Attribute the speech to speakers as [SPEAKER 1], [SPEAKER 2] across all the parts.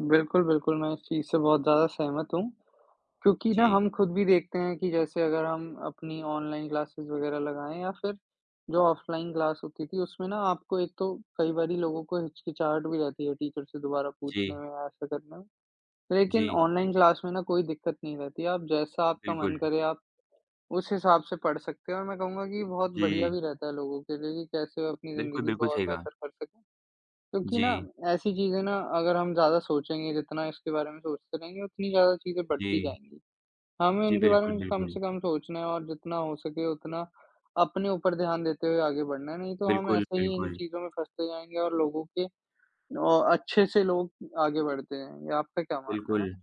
[SPEAKER 1] बिल्कुल, बिल्कुल, मैं इस चीज़ से बहुत ज़्यादा सहमत हूँ। क्योंकि ना,
[SPEAKER 2] जी।
[SPEAKER 1] हम खुद भी देखते हैं कि जैसे अगर हम अपनी ऑनलाइन क्लासेस वगैरह लगाएँ या फिर जो ऑफलाइन क्लास होती थी, उसमें ना आपको एक तो कई बारी लोगों को हिचकिचाहट भी रहती है टीचर से दोबारा पूछने
[SPEAKER 2] जी।
[SPEAKER 1] में या ऐसा करने में। लेकिन
[SPEAKER 2] जी।
[SPEAKER 1] ऑनलाइन क्लास में ना कोई दिक्कत नहीं रहती। आप जैसा आपका मन
[SPEAKER 2] बिल्कुल।
[SPEAKER 1] करे, आप उस हिसाब से पढ़ सकते हो। मैं कहूँगा कि बहुत बढ़िया
[SPEAKER 2] जी।
[SPEAKER 1] भी रहता है लोगों के लिए कि कैसे अपनी
[SPEAKER 2] बिल्कुल,
[SPEAKER 1] ज़िंदगी
[SPEAKER 2] बिल्कुल
[SPEAKER 1] को और
[SPEAKER 2] सही कहा।
[SPEAKER 1] बेहतर कर सकें। क्योंकि न
[SPEAKER 2] जी।
[SPEAKER 1] ऐसी चीज़ें ना, अगर हम ज़्यादा सोचेंगे, जितना इसके बारे में सोचते रहेंगे उतनी ज़्यादा चीज़ें बढ़ती
[SPEAKER 2] जी।
[SPEAKER 1] जाएँगी। हमें
[SPEAKER 2] जी,
[SPEAKER 1] इनके बारे
[SPEAKER 2] बिल्कुल,
[SPEAKER 1] में कम
[SPEAKER 2] बिल्कुल।
[SPEAKER 1] से कम सोचना है और जितना हो सके उतना अपने ऊपर ध्यान देते हुए आगे बढ़ना है। नहीं तो हम
[SPEAKER 2] बिल्कुल,
[SPEAKER 1] ऐसे ही इन
[SPEAKER 2] बिल्कुल।
[SPEAKER 1] चीज़ों में फँसते जाएँगे और लोगो के औ अच्छे से लोग आगे बढ़ते हैं या आपका क्या मानना है?
[SPEAKER 2] बिल्कुल।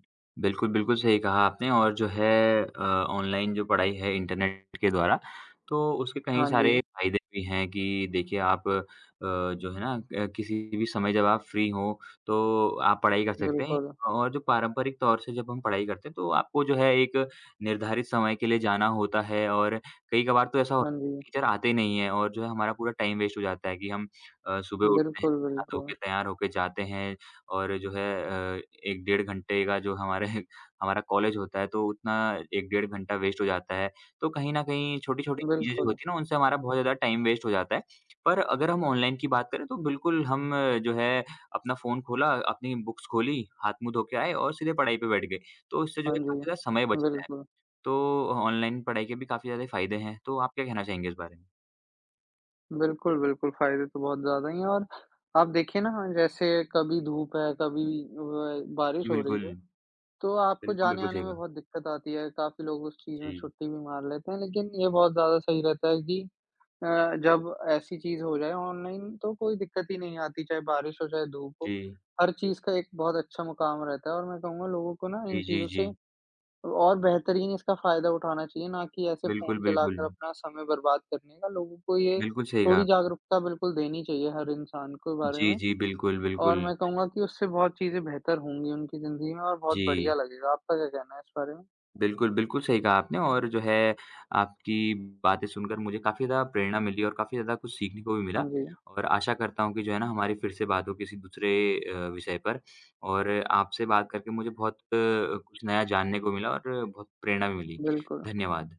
[SPEAKER 2] बिल्कुल, बिल्कुल सही कहा आपने, और जो है अ, ऑनलाइन जो पढ़ाई है, इंटरनेट के द्वारा, तो उसके कई
[SPEAKER 1] हाँ
[SPEAKER 2] सारे
[SPEAKER 1] जी।
[SPEAKER 2] फ़ायदे भी हैं। कि देखिए आप अ, जो है ना, अ, किसी भी समय जब आप फ्री हों, तो आप पढ़ाई कर सकते हैं।
[SPEAKER 1] बिल्कुल।
[SPEAKER 2] और जो पारंपरिक तौर से जब हम पढ़ाई करते हैं, तो आपको जो है एक निर्धारित समय के लिए जाना होता है। और कई कभार तो ऐसा होता
[SPEAKER 1] हाँ जी।
[SPEAKER 2] है, टीचर आते नहीं हैं और जो है हमारा पूरा टाइम वेस्ट हो जाता है। कि हम अ, सुबह उठते हैं,
[SPEAKER 1] बिल्कुल, बिल्कुल।
[SPEAKER 2] नहा-धोके तैयार होकर जाते हैं और जो है अ, 1 डेढ़ घंटे का जो हमारे हमारा कॉलेज होता है, तो उतना 1 डेढ़ घंटा वेस्ट हो जाता है। तो कहीं न कहीं छोटी-छोटी चीज़ें
[SPEAKER 1] बिल्कुल।
[SPEAKER 2] होती हैं ना, उनसे हमारा बहुत ज़्यादा टाइम वेस्ट हो जाता है। पर अगर हम ऑनलाइन की बात करें, तो बिल्कुल हम जो है अपना फ़ोन खोला, अपनी बुक्स खोलीं, हाथ-मुँह धो के आए और सीधे पढ़ाई पे बैठ गए। तो उससे जो
[SPEAKER 1] हाँ
[SPEAKER 2] है
[SPEAKER 1] जी।
[SPEAKER 2] काफ़ी ज़्यादा समय बचता है।
[SPEAKER 1] बिल्कुल।
[SPEAKER 2] तो ऑनलाइन पढ़ाई के भी काफ़ी ज़्यादा फायदे हैं। तो आप क्या कहना चाहेंगे इस बारे में?
[SPEAKER 1] बिल्कुल, बिल्कुल, फ़ायदे तो बहुत ज़्यादा ही हैं। और आप देखिए ना जैसे कभी धूप है, कभी अ, बारिश
[SPEAKER 2] जी,
[SPEAKER 1] हो रही
[SPEAKER 2] बिल्कुल।
[SPEAKER 1] है तो आपको
[SPEAKER 2] बिल्कुल, बिल्कुल
[SPEAKER 1] जाने-आने
[SPEAKER 2] सही
[SPEAKER 1] में
[SPEAKER 2] कहा।
[SPEAKER 1] बहुत दिक्कत आती है। काफ़ी लोग उस चीज़ में
[SPEAKER 2] जी।
[SPEAKER 1] छुट्टी भी मार लेते हैं। लेकिन ये बहुत ज़्यादा सही रहता है कि अ, जब ऐसी चीज़ हो जाए ऑनलाइन, तो कोई दिक्कत ही नहीं आती। चाहे बारिश हो, चाहे धूप हो,
[SPEAKER 2] जी।
[SPEAKER 1] हर चीज़ का एक बहुत अच्छा मुकाम रहता है। और मैं कहूँगा, लोगों को ना इन
[SPEAKER 2] जी, जी,
[SPEAKER 1] चीज़ों से
[SPEAKER 2] जी।
[SPEAKER 1] और बेहतरीन इसका फायदा उठाना चाहिए, ना कि ऐसे
[SPEAKER 2] बिल्कुल,
[SPEAKER 1] फ़ोन चलाकर
[SPEAKER 2] बिल्कुल।
[SPEAKER 1] अपना समय बर्बाद करने का लोगों को ये
[SPEAKER 2] बिल्कुल सही
[SPEAKER 1] थोड़ी
[SPEAKER 2] कहा।
[SPEAKER 1] जागरूकता बिल्कुल देनी चाहिए, हर इंसान के बारे
[SPEAKER 2] जी,
[SPEAKER 1] में।
[SPEAKER 2] जी। बिल्कुल,
[SPEAKER 1] और
[SPEAKER 2] बिल्कुल।
[SPEAKER 1] मैं कहूँगा कि उससे बहुत चीज़ें बेहतर होंगी उनकी ज़िंदगी में और बहुत बढ़िया
[SPEAKER 2] जी।
[SPEAKER 1] लगेगा। आपका क्या कहना है इस बारे में?
[SPEAKER 2] बिल्कुल, बिल्कुल सही कहा आपने और जो है आपकी बातें सुनकर मुझे काफ़ी ज़्यादा प्रेरणा मिली और काफ़ी ज़्यादा कुछ सीखने को भी
[SPEAKER 1] हाँ
[SPEAKER 2] मिला।
[SPEAKER 1] जी।
[SPEAKER 2] और आशा करता हूँ कि जो है ना हमारी फिर से बात हो किसी दूसरे अ, विषय पर। और आपसे बात करके मुझे बहुत कुछ नया जानने को मिला और बहुत प्रेरणा भी मिली।
[SPEAKER 1] बिल्कुल।
[SPEAKER 2] धन्यवाद।